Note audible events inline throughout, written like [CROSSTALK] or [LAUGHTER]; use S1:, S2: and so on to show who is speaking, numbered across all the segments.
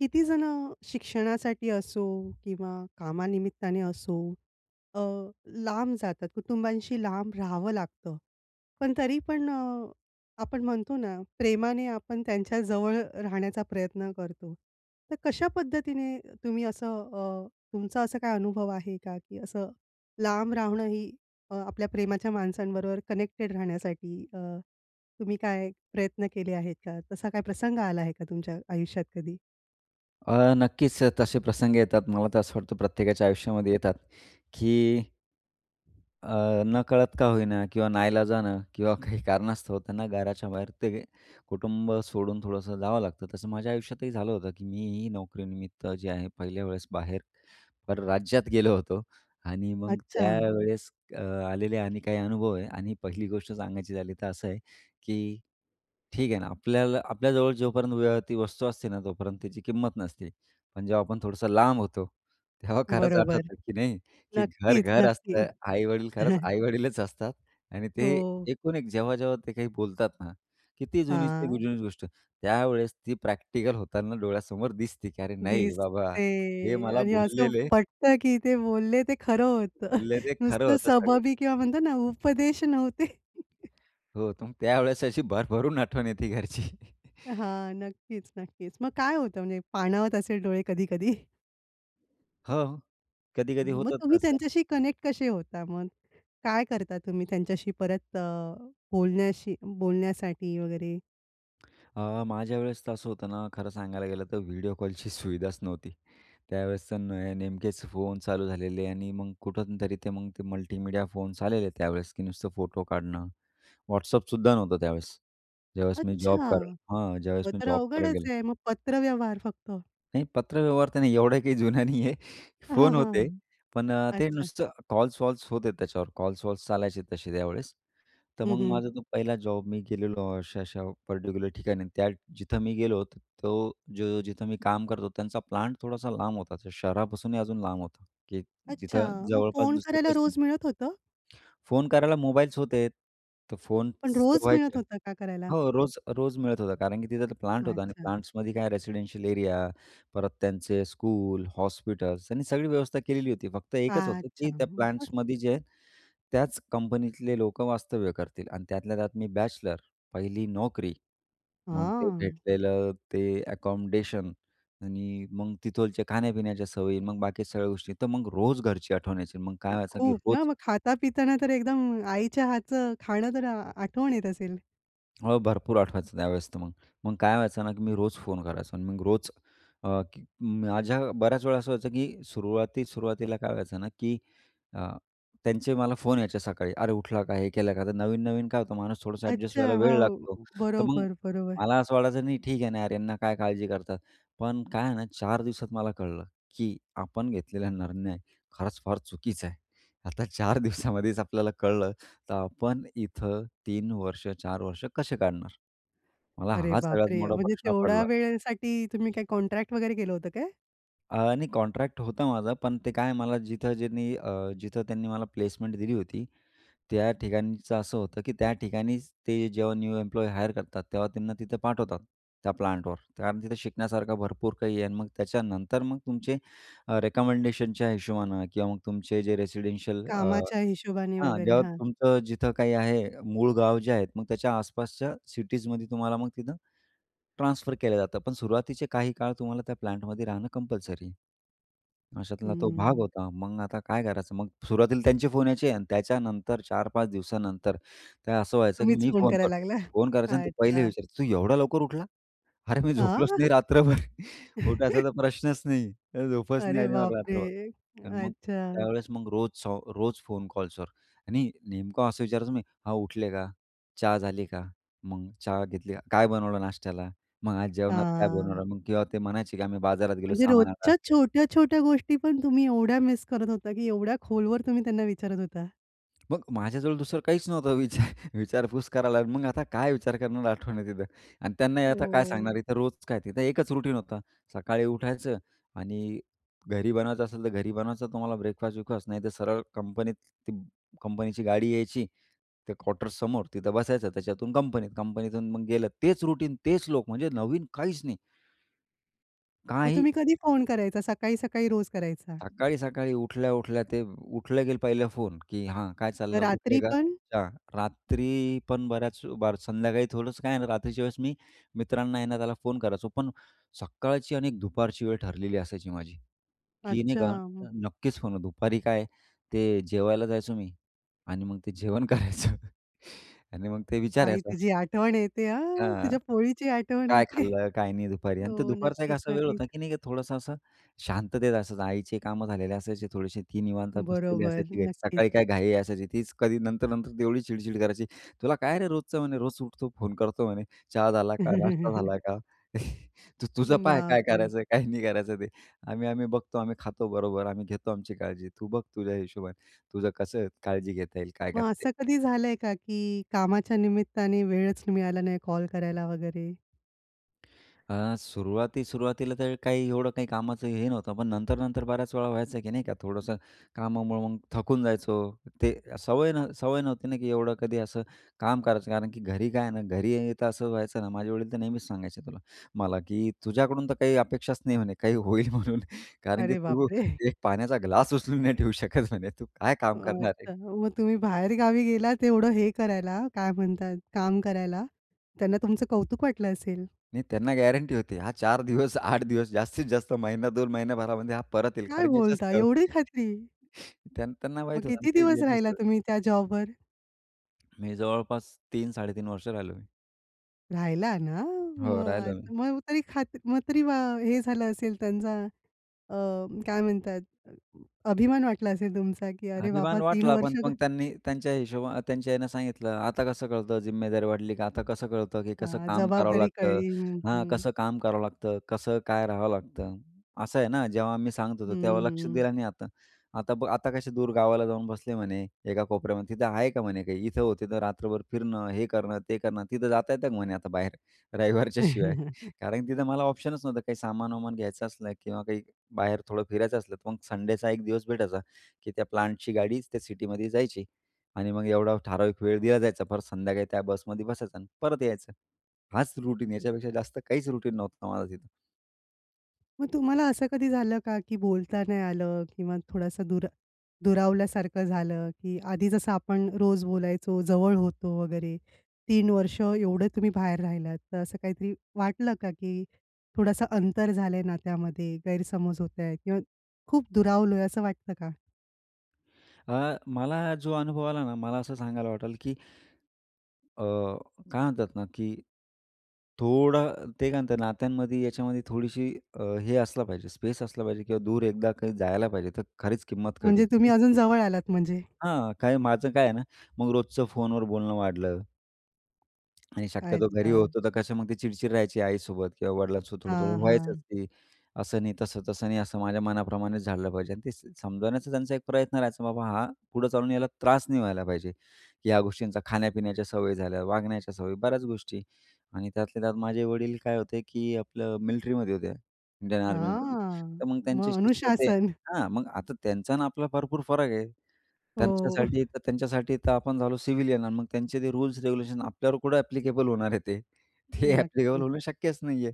S1: कितीजणं शिक्षणासाठी असो किंवा कामानिमित्ताने असो अ, लांब जातात. कुटुंबांशी लांब राहावं लागतं. पण तरी पण अ, आपण म्हणतो ना प्रेमाने आपण त्यांच्याजवळ अ, राहण्याचा प्रयत्न करतो. तर कशा पद्धतीने तुम्ही असं अ, तुमचा असा काय अनुभव आहे का? की असं लांब राहणं ही अ, आपल्या प्रेमाच्या माणसांबरोबर कनेक्टेड राहण्यासाठी. अ, तुम्ही काय प्रयत्न केले आहेत का? तसा काही प्रसंग आला आहे का तुमच्या आयुष्यात कधी?
S2: अ, नक्कीच तसे प्रसंग येतात. मला तर असं वाटतं, प्रत्येकाच्या आयुष्यामध्ये येतात की अ, नकळत का होईना किंवा नाइलाजाने किंवा काही कारणास्तव त्यांना घराच्या बाहेर ते कुटुंब सोडून थोडंसं जावं लागतं. तसं माझ्या आयुष्यातही झालं होतं की मीही नोकरीनिमित्त जे आहे पहिल्या वेळेस बाहेर परराज्यात गेलो होतो आणि मग
S1: अच्छा.
S2: त्यावेळेस अ, आलेले अ, आणि काही अनुभव आहे आणि पहिली गोष्ट सांगायची झाली तर असं आहे की ठीक आहे ना, आपल्याला आपल्या जवळ जोपर्यंत ती वस्तू असते ना, तोपर्यंत त्याची किंमत नसते. पण जेव्हा आपण थोडंसं लांब होतो, तेव्हा खरंच
S1: बरोबर.
S2: आठवतं की नाही की घर,
S1: नक्कीच,
S2: घर
S1: नक्की.
S2: असतं. आई-वडील खरंच
S1: [CHUCKLES]
S2: आई-वडीलच असतात आणि ते
S1: हो.
S2: एकूण एक जेव्हा-जेव्हा ते काही बोलतात ना की ती जुनी ते
S1: हां.
S2: जुनीच गोष्ट त्यावेळेस ती प्रॅक्टिकल होताना डोळ्यासमोर दिसते की अरे, नाही बाबा हे
S1: दिसते
S2: मला
S1: आणि असं
S2: बोललेले
S1: पटतं की ते बोलले ते खरं होतं.
S2: ले
S1: [CHUCKLES]
S2: ते खरं
S1: नुसतं
S2: होतं सगळं.
S1: सबबी किंवा म्हणतात ना उपदेश नव्हते. [CHUCKLES]
S2: हो, तुमची त्यावेळेस अशी भरभरून आठवण येते घरची. [CHUCKLES]
S1: हां, नक्कीच, नक्कीच. मग काय होतं? म्हणजे पाणावत असेल डोळे कधी-कधी?
S2: हो. कधी-कधी
S1: मग
S2: होतात ना
S1: तुम्ही
S2: असं.
S1: त्यांच्याशी कनेक्ट कसे होता मग? काय करता तुम्ही त्यांच्याशी परत अ, बोलण्याशी बोलण्यासाठी वगैरे?
S2: आह, माझ्यावेळेस तर असं होतं ना खरं सांगायला गेलं तर व्हिडिओ कॉलची सुविधाच नव्हती. त्यावेळेस तर ने नेमकेच फोन चालू झालेले आणि मग कुठून तरी ते मग ते मल्टीमीडिया फोन्स आलेले त्यावेळेस की नुसतं फोटो काढणं. WhatsAppसुद्धा नव्हतं त्यावेळेस, ज्यावेळेस मी जॉब
S1: अच्छा,
S2: कराय हां, ज्यावेळेस
S1: मग
S2: मी
S1: तर
S2: जॉब करायला गेलो.
S1: अवघडच आहे. मग पत्रव्यवहार फक्त?
S2: नाही, पत्रव्यवहार त्याने एवढं [CHUCKLES] काही जुन्या नाही आहे.
S1: हां,
S2: फोन होते.
S1: हां.
S2: पण अ, ते
S1: अच्छा.
S2: नुसतं, कॉल-वॉल्स होतेत त्याच्यावर, कॉल्स-वॉल्स चालायचे तसे त्यावेळेस. तर
S1: हं,
S2: मग
S1: हं.
S2: माझा तो पहिला जॉब मी गेलेलो अशा-अशा पर्टिक्युलर ठिकाणी त्या, जिथं मी गेलो होतो, तो जो, जिथं मी काम करतो त्यांचा प्लांट थोडासा लांब होता, शहरापासूनही अजून लांब होता. की
S1: अच्छा,
S2: जिथं
S1: मग
S2: जवळपास
S1: फोन
S2: दुसरं
S1: करायला
S2: काहीच
S1: रोज
S2: नव्हत.
S1: मिळत होतं?
S2: फोन करायला मोबाईल्स होतेत. तर
S1: पण
S2: फोन्स तर
S1: रोज
S2: व्हायचे.
S1: मिळत होतं का करायला?
S2: हो रोज, रोज मिळत होतं कारण की तिथं प्लांट होता आणि
S1: अच्छा.
S2: प्लांट्समध्ये काय रेसिडेन्शियल एरिया. परत त्यांचे स्कूल, हॉस्पिटल्स आणि सगळी व्यवस्था केलेली होती. फक्त एकच होतं
S1: अच्छा,
S2: की त्या
S1: मग
S2: प्लांट्समध्ये जे त्याच कंपनीतले लोकं वास्तव्य करतील आणि त्यातल्या त्यात मी बॅचलर, पहिली नोकरी. मग ते
S1: हां.
S2: भेटलेलं ते अकोमोडेशन. आणि मग तिथोलचे खाण्या-पिण्याच्या सवयी, मग बाकी सगळ्या गोष्टी, तर मग रोज घरची आठवण यायची, मग काय व्हायचं की
S1: खूप ना,
S2: रोज
S1: मग खाता-पिताना तर एकदम आईच्या हातचं खाणं तर आठवण येत असेल?
S2: हो, भरपूर आठवायचं त्यावेळेस तर मग. मग काय व्हायचं ना की मी रोज फोन करायचो आणि मग रोज अ, की माझ्या बऱ्याच वेळा असं व्हायचं की सुरुवाती सुरुवातीला काय व्हायचं ना की अ, त्यांचे मला फोन यायचे सकाळी अरे, उठला का? हे केलं का? तर नवीन-नवीन काय होतं माणूस थोडंसं एडजस्ट
S1: अच्छा.
S2: व्हायला वेळ लागतो.
S1: हो,
S2: तर मग,
S1: बरोबर, बरोबर.
S2: मला असं वाटायचं नाही ठीक आहे ना यार, ह्यांना काय काळजी करतात. पण काय आहे ना चार दिवसात मला कळलं की आपण घेतलेला निर्णय खरंच फार चुकीचा आहे. आता चार दिवसामध्येच आपल्याला कळलं, तर आपण इथं 3 वर्ष, 4 वर्ष कसे काढणार? मला
S1: अरे,
S2: हा सगळ्यात
S1: बापरे!
S2: मोठा
S1: म्हणजे
S2: प्रश्न
S1: तेवढ्या
S2: पडला.
S1: वेळेसाठी तुम्ही काही कॉन्ट्रॅक्ट वगैरे केलं होतं काय?
S2: अ, नाही कॉन्ट्रॅक्ट होतं माझं. पण ते काय मला जिथं ज्यांनी, अ, जिथं त्यांनी मला प्लेसमेंट दिली होती. त्या ठिकाणचं असं होतं की त्या ठिकाणीच, ते जेव्हा न्यू एम्प्लॉयी हायर करतात तेव्हा त्यांना तिथं पाठवतात, त्या प्लांटवर. कारण तिथं शिकण्यासारखं भरपूर काही आहे आणि मग त्याच्यानंतर मग तुमचे रिकमेंडेशनच्या हिशोबानं किंवा मग तुमचे जे रेसिडेन्शियल अ
S1: कामाच्या हिशोबाने
S2: हां,
S1: वगैरे,
S2: जेव्हा
S1: हां.
S2: तुमचं जिथं काही आहे, मूळ गाव जे आहेत मग त्याच्या आसपासच्या सिटीजमध्ये तुम्हाला मग तिथं ट्रांसफर केलं जातं. पण सुरुवातीचे काही काळ तुम्हाला त्या प्लांटमध्ये राहणं कंपल्सरी. अशातला तो भाग
S1: हम्म.
S2: होता. मग आता काय करायचं मग सुरुवातीला त्यांचे फोन यायचे आणि त्याच्यानंतर 4-5 दिवसानंतर ते असं व्हायचं की
S1: तुम्हीच
S2: मी
S1: फोन
S2: फोन करतो.
S1: करायला लागला?
S2: फोन करायचा आणि ते पहिले
S1: अच्छा.
S2: विचारायचे, तू एवढं लवकर उठला? अरे, मी झोपलोच नाही
S1: आह!
S2: रात्रभर. उठायचा तर
S1: [CHUCKLES]
S2: प्रश्नच नाही, झोपच नाही
S1: अरे
S2: आली
S1: बाप
S2: मला रात्रभर.
S1: रे!
S2: आणि मग
S1: अच्छा.
S2: त्यावेळेस मग रोज-रोज फोन कॉल्सवर. आणि नेमकं असं विचारायचो मी हां, उठले का? चहा झाली का? मग चहा घेतली का? काय बनवलं नाश्त्याला? मग आज जेवणात काय
S1: हां.
S2: बनवलं मग किंवा ते म्हणायचे की आम्ही बाजारात गेलो
S1: म्हणजे
S2: सामानाला.
S1: रोजच्या छोट्या-छोट्या गोष्टी पण तुम्ही एवढ्या मिस करत होता की एवढ्या खोलवर तुम्ही त्यांना विचारत होता.
S2: मग माझ्याजवळ दुसरं काहीच नव्हतं विचार विचारपूस करायला. मग आता काय विचार करणार आठवणी तिथं आणि त्यांना आता काय
S1: ओह!
S2: सांगणार. इथं रोज काय तिथं एकच रूटीन होत. सकाळी उठायचं आणि घरी बनवायचं असेल तर घरी बनवायचं. तुम्हाला ब्रेकफास्ट-वेकफास्ट नाही तर सरळ कंपनीत ती कंपनीची गाडी यायची ते क्वार्टर समोर तिथं बसायचं. त्याच्यातून कंपनीत, कंपनीतून मग गेलं. तेच रूटीन तेच लोक म्हणजे नवीन काहीच नाही.
S1: मग
S2: काही
S1: तुम्ही कधी फोन करायचा? सकाळी-सकाळी रोज करायचा?
S2: सकाळी-सकाळी, उठल्या-उठल्या ते उठले की पहिलं फोन की हां, काय चाललंय. उठले
S1: रात्री
S2: का?
S1: पण?
S2: अच्छा. रात्री पण बऱ्याच ब संध्याकाळी थोडंच काय आहे ना, रात्रीच्या वेळेस मी मित्रांना आहे ना, त्याला फोन करायचो. पण सकाळची आणि दुपारची वेळ ठरलेली असायची माझी की नाही का,
S1: अच्छा.
S2: नक्कीच फोन दुपारी काय ते जेवायला जायचो मी आणि मग ते जेवण करायचं आणि मग ते
S1: आई
S2: विचारायचं.
S1: तुझी आठवण येते हां!
S2: हां,
S1: तुझ्या पोळीची आठवण
S2: काय
S1: येते.
S2: खाल्लं? काय नाही? दुपारी आणि तर
S1: हो.
S2: दुपारचा एक
S1: नक्कीच,
S2: असा वेळ
S1: नक्कीच.
S2: होता, की नाही का थोडंसं असं शांततेत असायचं. आईचे कामं झालेली असायची थोडीशी. ती निवांत बसलेली
S1: बरोबर.
S2: असायची घरी.
S1: नक्कीच.
S2: सकाळी काय घाई असायची. तीच कधी नंतर, नंतर तेव्हडी चिडचिड करायची. तुला काय रे रोजचं म्हणे, "रोज उठतो, फोन करतो" म्हणे. "चहा झाला का? नाश्ता झाला
S1: [CHUCKLES]
S2: का? [CHUCKLES] तू तुझं पाहय
S1: बाप
S2: काय
S1: रे!
S2: करायचं काय नाही करायचं ते आम्ही, आम्ही बघतो, आम्ही खातो, बरोबर आम्ही घेतो आमची काळजी. तू बघ तुझ्या हिशोबाने तुझं कसं काळजी घेता येईल काय
S1: मग
S2: करता येईल?"
S1: असं कधी झालंय का की कामाच्या निमित्ताने वेळच मिळाला नाही कॉल करायला वगैरे?
S2: अ, सुरुवाती-सुरुवातीला, तर काही एवढं काही कामाचं हे नव्हतं, पण नंतर-नंतर बऱ्याच वेळा व्हायचं, की नाही का, थोडंसं कामामुळे मग थकून जायचो. ते अ, सवय नव्ह सवय नव्हती ना, की एवढं कधी असं काम करायचं. कारण की घरी काय आहे ना, घरी तर असं व्हायचं ना, माझे वडील तर नेहमीच सांगायचे तुला मला, की “तुझ्याकडून तर काही अपेक्षाच नाही," म्हणे "काही होईल म्हणून, कारण की
S1: अरे
S2: तू
S1: बापरे! [CHUCKLES]
S2: एक पाण्याचा ग्लास उचलून नाही ठेऊ शकत,” म्हणे, “तू काय काम करणार
S1: अच्छा.
S2: आहे?”
S1: मग तुम्ही बाहेर गावी गेलात, एवढं हे करायला, काय म्हणतात, काम करायला. त्यांना तुमचं कौतुक वाटलं असेल?
S2: नाही, त्यांना गॅरंटी होती, हा 4 दिवस, 8 दिवस, जास्तीत जास्त महिना, 2 महिन्या भरामध्ये हा परत येईल,
S1: काय
S2: कारण याच्या
S1: बोलता,
S2: स
S1: एवढी खात्री?
S2: [UNINTELLIGIBLE] त्यान त्यांना
S1: मग
S2: माहीत होतं,
S1: किती
S2: की
S1: दिवस
S2: ॲडजस्ट
S1: राहिला,
S2: होईल.
S1: तुम्ही त्या जॉबवर?
S2: मी जवळपास 3-3.5 वर्ष राहिलो मी.
S1: राहिला ना,
S2: हो. राहिलो
S1: मग अ,
S2: मी.
S1: मग तरी खात्री मग तरी वा हे झालं असेल त्यांचा. अ, काय म्हणतात, अभिमान वाटला असेल तुमचा, की अरे बाबा,
S2: अभिमान
S1: 3
S2: वाटला, पण
S1: वर्ष
S2: पण त्यांनी त्यांच्या हिशोबा अ, त्यांच्या ह्याने सांगितलं, “आता कसं कळतं, जिम्मेदारी वाढली का? आता कसं कळतं, की कसं
S1: हां,
S2: काम करावं
S1: जबाबदारी
S2: लागतं?
S1: कळली. हं,
S2: हां,
S1: हं.
S2: कसं काम करावं लागतं. कसं काय राहावं लागतं, असं आहे ना? जेव्हा मी सांगत
S1: हं,
S2: होतो, तेव्हा लक्ष
S1: हं.
S2: दिलं नाही, आता. आता बघ, आता कसे दूर गावाला जाऊन बसले" म्हणे, "एका कोपऱ्यामध्ये. तिथं आहे का," म्हणे "काही इथं-तिथं, रात्रभर फिरणं, हे करणं, ते करणं, तिथं जाता येतं का," म्हणे "आता बाहेर. रविवारच्या शिवाय"?
S1: [LAUGHS]
S2: कारण तिथं मला ऑप्शनच नव्हतं. काही सामान-वामान घ्यायचं असलं, किंवा काही बाहेर थोडं फिरायचं असलं. तर मग संडेचा एक दिवस भेटायचा, की त्या प्लांटची गाडीच त्या सिटीमध्ये जायची आणि मग एवढा ठराविक वेळ दिला जायचा. परत संध्याकाळी त्या बसमध्ये बसायचा आणि परत यायचं. हाच रुटीन, याच्यापेक्षा जास्त काहीच रुटीन नव्हतं माझं तिथं.
S1: मग तुम्हाला असं कधी झालं का, की बोलता नाही आलं? किंवा थोडंसं दुर दुरावल्यासारखं झालं, की आधी जसं आपण रोज बोलायचो. जवळ होतो वगैरे 3 वर्ष एवढं तुम्ही बाहेर राहिलात तर असं काहीतरी वाटलं का की थोडासा अंतर झालंय ना. त्यामध्ये गैरसमज होत आहे किंवा खूप दुरावलोय असं वाटतं का?
S2: अ, मला जो अनुभव आला ना, मला असं सांगायला वाटलं की अ, काय म्हणतात ना, की थोडं ते काय म्हणतात नात्यांमध्ये, याच्यामध्ये थोडीशी हे असला पाहिजे, स्पेस असला पाहिजे. किंवा दूर एकदा काही जायला पाहिजे. तर खरीच किंमत कळती,
S1: म्हणजे तुम्ही
S2: ती.
S1: अजून जवळ आलात म्हणजे?
S2: हां, काही माझं काय आहे ना, मग रोजचं फोनवर बोलणं वाढलं. आणि शक्यतो घरी
S1: अच्छा.
S2: होतो तर कसं मग ती चिडचिड राहायची आईसोबत किंवा वडिलांसोबत थोडं-थोडं
S1: हां,
S2: व्हायचंच
S1: हां.
S2: ते. असं नाही तसं, तसं नाही असं माझ्या मनाप्रमाणेच झालं पाहिजे आणि ते समजवण्याचा त्यांचा एक प्रयत्न राहायचा, बाबा हा, पुढे चालून यायला त्रास नाही व्हायला पाहिजे की ह्या गोष्टींचा खाण्यापिण्याच्या सवयी झाल्या, वागण्याच्या सवयी बऱ्याच गोष्टी. आणि त्यातल्या त्यात माझे वडील काय होते, की आपलं मिलिट्रीमध्ये होते, इंडियन आर्मीमध्ये
S1: हां,
S2: तर मग त्यांच्या
S1: मग
S2: शिस्त ते.
S1: अनुशासन?
S2: हां, मग आता त्यांचा ना आपला भरपूर फरक आहे.
S1: हो.
S2: त्यांच्यासाठी तर त्यांच्यासाठी तर आपण झालो सिव्हिलियन आणि मग त्यांचे ते रूल्स रेग्युलेशन आपल्यावर कुठं एप्लीकेबल होणार आहे ते. ते एप्लीकेबल
S1: नक्कीच.
S2: होणं शक्यच नाही आहे.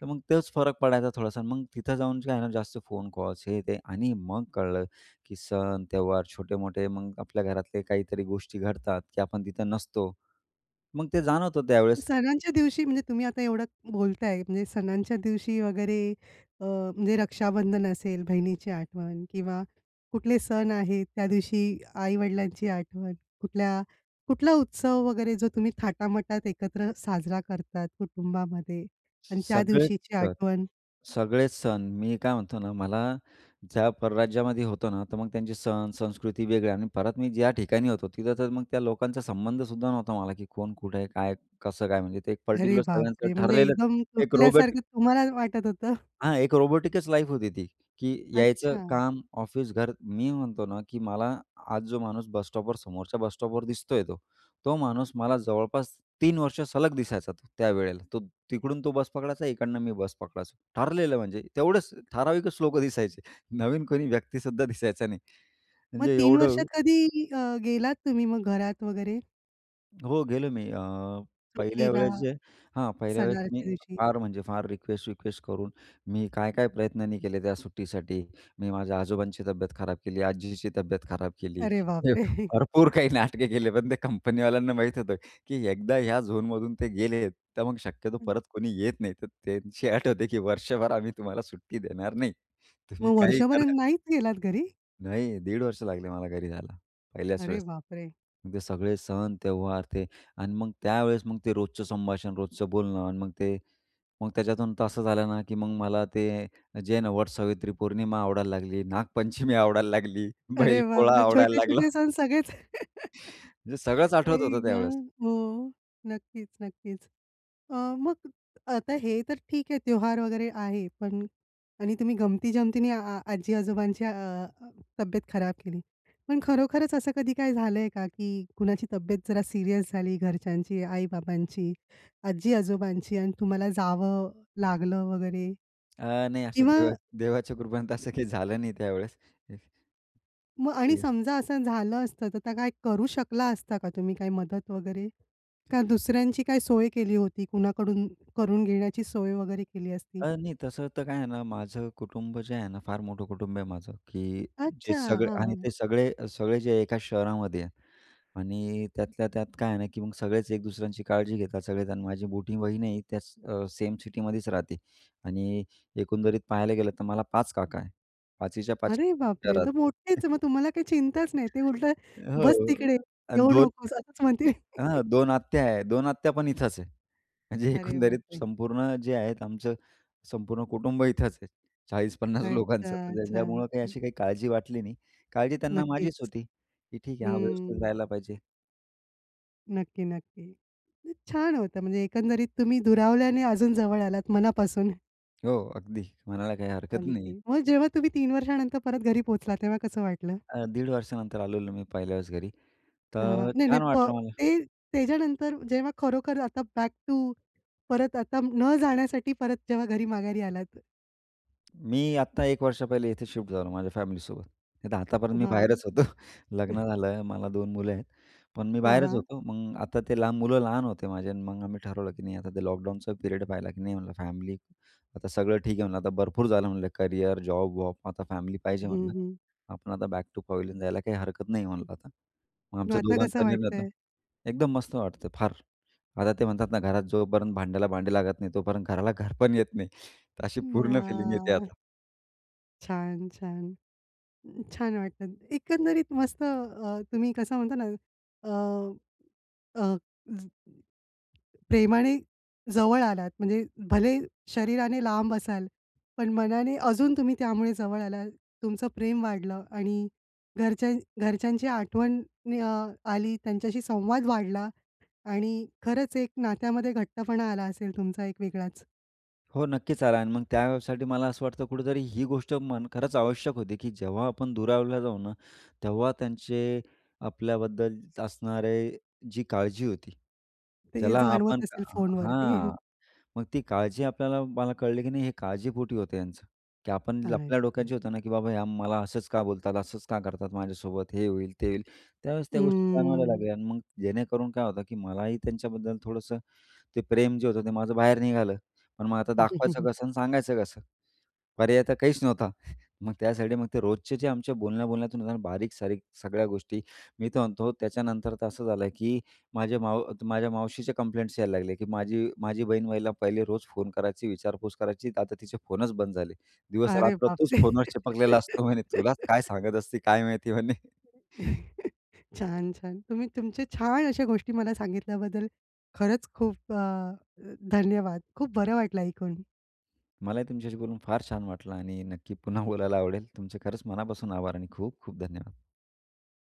S2: तर मग तेच फरक पडायचा थोडासा मग तिथं जाऊन काय आहे ना जास्त फोन कॉल्स हे, ते आणि मग कळलं की सण, त्यौहार छोटे-मोठे मग आपल्या घरातले काहीतरी गोष्टी घडतात की आपण तिथं नसतो. मग ते जाणवतं त्यावेळेस.
S1: सणांच्या दिवशी म्हणजे तुम्ही आता एवढं बोलताय म्हणजे सणांच्या दिवशी अ, वगैरे अ, म्हणजे रक्षाबंधन असेल. बहिणीची आठवण किंवा कुठले सण आहेत त्या दिवशी आई-वडिलांची आठवण. कुठल्या कुठला उत्सव वगैरे जो तुम्ही थाटामाटात एकत्र साजरा करतात कुटुंबामध्ये आणि त्या
S2: सगळेच
S1: दिवशीची
S2: सण
S1: आठवण?
S2: सगळेच सण, मी काय म्हणतो ना मला ज्या परराज्यामध्ये होतो ना तर मग त्यांचे सण संस्कृती वेगळी आणि परत मी ज्या ठिकाणी होतो, तिथं तर मग त्या लोकांचा संबंध सुद्धा नव्हता मला की कोण, कुठे आहे, काय, कसं काय? म्हणजे ते एक
S1: अरे,
S2: पार्टिक्युलर
S1: बापरे!
S2: सगळ्यांचं
S1: म्हणजे
S2: ठरलेलं
S1: एकदम
S2: एक रोबोटिक
S1: तुटल्यासारखं तुम्हाला वाटत होतं?
S2: हां, एक रोबोटिकच लाईफ होती ती की यायचं
S1: अच्छा.
S2: काम, ऑफिस, घर. मी म्हणतो ना, की मला आज जो माणूस बस स्टॉपवर समोरच्या बस स्टॉपवर दिसतोय तो तो माणूस मला जवळपास 3 वर्ष सलग दिसायचा त त्यावेळेला. तो तिकडून तो बस पकडायचा इकडनं मी बस पकडायचो. ठरलेलं म्हणजे तेवढंच ठराविकच लोकं दिसायचे, [CHUCKLES] नवीन कोणी व्यक्ती सुद्धा दिसायचा नाही
S1: मग
S2: म्हणजे
S1: 3
S2: एवढं
S1: वर्षात कधी अ, गेलात तुम्ही मग घरात वगैरे?
S2: हो गेलो मी अ, पहिल्या
S1: सुट्टीला,
S2: वेळेस जे हां, पहिल्या वेळेस
S1: सणाच्या
S2: मी
S1: दिवशी.
S2: फार म्हणजे फार रिक्वेस्ट, रिक्वेस्ट करून मी काय काय प्रयत्नांनी केले त्या सुट्टीसाठी. मी माझ्या आजोबांची तब्येत खराब केली, आजीची तब्येत खराब केली,
S1: अरे बापरे! [CHUCKLES]
S2: भरपूर काही नाटके केले. पण ते कंपनीवाल्यांना माहीत होतं की एकदा ह्या झोनमधून ते गेले, तर मग शक्यतो
S1: [CHUCKLES]
S2: परत कोणी येत नाही. तर त्यांची अट होती, की वर्षभर आम्ही तुम्हाला सुट्टी देणार नाही, तुम्ही
S1: मग
S2: काही
S1: वर्षभर
S2: करा.
S1: नाहीच गेलात घरी?
S2: नाही. 1.50 वर्ष लागले मला घरी जायला पहिल्याच
S1: अरे
S2: वेळेस.
S1: बापरे!
S2: मग ते सगळे सण त्यौहार ते आणि मग त्यावेळेस मग ते रोजचं संभाषण, रोजचं बोलणं आणि मग ते मग त्याच्यातून तर असं झालं ना, की मग मला ते, जे आहे ना, वट सावित्री पौर्णिमा आवडायला लागली, नागपंचमी आवडायला लागली, बैल
S1: अरे
S2: पोळा
S1: बापरे!
S2: आवडायला लागला.
S1: छोटे-छोटे सण सगळेच. [CHUCKLES]
S2: म्हणजे सगळंच आठवत
S1: आई
S2: होतं
S1: गं,
S2: त्यावेळेस.
S1: हो. नक्कीच, नक्कीच. अ, मग आता हे तर ठीक आहे त्यौहार वगैरे आहे. पण आणि तुम्ही गंमती-जमतीने अ, आजी-आजोबांची अ, तब्येत खराब केली. पण खरोखरच असं कधी काय झालंय का, की कुणाची तब्येत जरा सीरियस झाली घरच्यांची आई-बाबांची, आजी-आजोबांची आणि तुम्हाला जावं लागलं वगैरे?
S2: अ, नाही असं
S1: किंवा
S2: देवा देवाच्या कृपेने असं काही झालं नाही त्यावेळेस. हं,
S1: मग आणि
S2: हं.
S1: समजा असं झालं असतं, तर काय करू शकला असता का तुम्ही काय मदत वगैरे? का दुसऱ्यांची काय सोय केली होती, कुणाकडून करून घेण्याची सोय वगैरे केली असती?
S2: अ, नाही तसं तर काय आहे ना, माझं कुटुंब जे आहे ना, फार मोठं कुटुंब आहे माझं, की जे
S1: अच्छा,
S2: सगळे
S1: हां
S2: आणि
S1: हां.
S2: ते सगळे सगळे जे एका शहरामध्ये आहे. आणि त्यातल्या त्यात काय आहे ना, की मग सगळेच एक दुसऱ्यांची काळजी घेतात. सगळेच आणि माझी मोठी बहीण आहे त्याच अ, सेम सिटीमध्येच राहते. आणि एकंदरीत पाहायला गेलं तर मला 5 काका आहे, पाचीच्या पाची
S1: अरे बापरे!
S2: घरात
S1: तर मोठेच मग, तुम्हाला काही चिंताच नाही. ते उलटं
S2: [CHUCKLES] हो,
S1: "बस तिकडे
S2: अ, आणि
S1: येऊ
S2: दोन
S1: नकोस असंच म्हणतील."
S2: अ, हां,
S1: [CHUCKLES]
S2: 2 आत्या आहे 2 आत्या पण इथंच आहे. म्हणजे
S1: अरे
S2: एकंदरीत
S1: बापरे.
S2: संपूर्ण जे आहेत आमचं संपूर्ण कुटुंब इथंच आहे. 40-50
S1: अच्छा,
S2: लोकांचं
S1: अच्छा,
S2: ज्यांच्यामुळं काही
S1: हं.
S2: अशी काही काळजी वाटली नाही. काळजी त्यांना माझीच
S1: नक्कीच.
S2: होती, की "ठीक आहे हा व्यवस्थित
S1: हं.
S2: राहायला पाहिजे."
S1: नक्की, नक्की. अन छान होतं म्हणजे एकंदरीत तुम्ही दुरावल्याने अजून जवळ आलात मनापासून.
S2: हो, अगदी म्हणायला काही हरकत नाही.
S1: अगदी, मग जेव्हा तुम्ही 3 वर्षानंतर परत घरी पोहोचला, तेव्हा कसं वाटलं?
S2: अ, दीड वर्षानंतर आलेलो मी पहिल्या वेळेस घरी
S1: हां, हां.
S2: तर
S1: नाही, नाही.
S2: छान
S1: प
S2: वाटलं मला.
S1: ते त्याच्यानंतर जेव्हा खरोखर आता बॅक टू परत आता न जाण्यासाठी परत जेव्हा घरी माघारी आलात.
S2: मी आता 1 वर्ष पहिले इथे शिफ्ट झालो माझ्या फॅमिलीसोबत, नाहीतर आतापर्यंत मी
S1: हां.
S2: बाहेरच होतो. लग्न
S1: [CHUCKLES]
S2: झालं. मला 2 मुलं आहेत, पण मी
S1: हां,
S2: बाहेरच
S1: हां.
S2: होतो. मग आता ते लहान, मुलं लहान होते माझे आणि मग आम्ही ठरवलं की नाही आता ते लॉकडाऊनचा पिरियड पाहिला की नाही, म्हणलं फॅमिली आता सगळं ठीक आहे म्हणलं, आता भरपूर झालं म्हणलं करियर, जॉब-वॉब आता फॅमिली पाहिजे
S1: हं,
S2: म्हटलं.
S1: हं.
S2: आपण आता बॅक टू पवेलियन जायला काही हरकत नाही म्हणलं आता, मग
S1: मग
S2: आमच्या
S1: आता
S2: दोघांचा
S1: कसं
S2: निर्णय तो
S1: वाटतंय?
S2: एकदम मस्त वाटतं फार आता, ते म्हणतात ना घरात जोपर्यंत भांड्याला भांडे लागत नाही तोपर्यंत घराला घरपण येत नाही, तर अशी
S1: अ,
S2: पूर्ण फिलिंग येते
S1: आह.
S2: आता.
S1: छान, छान. अ, छान वाटतात. एकंदरीत मस्त अ, तुम्ही कसं म्हणता ना अ, अ, ज प्रेमाने जवळ आलात म्हणजे भले शरीराने लांब असाल, पण मनाने अजून तुम्ही त्यामुळे जवळ आलात. तुमचं प्रेम वाढलं आणि घरच्या घरच्यांची आठवण अ, आली, त्यांच्याशी संवाद वाढला आणि खरंच एक नात्यामध्ये घट्टपणा आला असेल तुमचा एक वेगळाच.
S2: हो, नक्कीच आला आणि मग त्यासाठी मला असं वाटतं, कुठेतरी ही गोष्ट मन खरंच आवश्यक होती की जेव्हा आपण दुरावला जाऊ ना तेव्हा त्यांचे आपल्याबद्दल असणारे जी काळजी होती.
S1: ते
S2: ज्याला आपण
S1: जाणवत असेल फोनवरती. [CHUCKLES]
S2: हां. मग ती काळजी आपल्याला मला कळली की नाही हे काळजीपोटी होतं यांचं, की आपण आपल्या
S1: [UNINTELLIGIBLE]
S2: डोक्यात होत ना? की बाबा ह्या मला असंच का बोलतात? असंच का करतात? माझ्यासोबत हे होईल ते होईल? त्यावेळेस त्या गोष्टी जाणवायला
S1: हं.
S2: लागल्या आणि मग जेणेकरून काय होतं की मलाही त्यांच्याबद्दल थोडंसं ते प्रेम जे होतं ते माझं बाहेर निघालं. पण मग आता दाखवायचं
S1: [CHUCKLES]
S2: कसं आणि सांगायचं कसं? पर्याय तर काहीच नव्हता. मग त्यासाठी, मग ते रोजचे जे आमचे बोलण्या-बोलण्यातून बारीक-सारीक सगळ्या गोष्टी. मी तर म्हणतो त्याच्यानंतर तर असं झालं की माझ्या माव माझ्या मावशीचे कंप्लेंट्स यायला लागले, की माझी माझी बहीणवईला पहिले रोज फोन करायची, विचारपूस करायची. आता तिचे फोनच बंद झाले.
S1: अरे
S2: दिवस-रात्र
S1: बाप
S2: तूच
S1: रे!
S2: फोनवर चिपकलेला असतो म्हणे तुला काय
S1: [LAUGHS]
S2: सांगत असते काय माहिती म्हणे. [CHUCKLES]
S1: [CHUCKLES] छान-छान. तुम्ही तुमच्या छान अशा गोष्टी मला सांगितल्याबद्दल खरंच खूप अ, धन्यवाद. खूप बरं वाटलं ऐकून.
S2: मलाही तुमच्याशी बोलून फार छान वाटलं आणि नक्की पुन्हा बोलायला आवडेल. तुमचे खरंच मनापासून आभार आणि खूप, खूप धन्यवाद.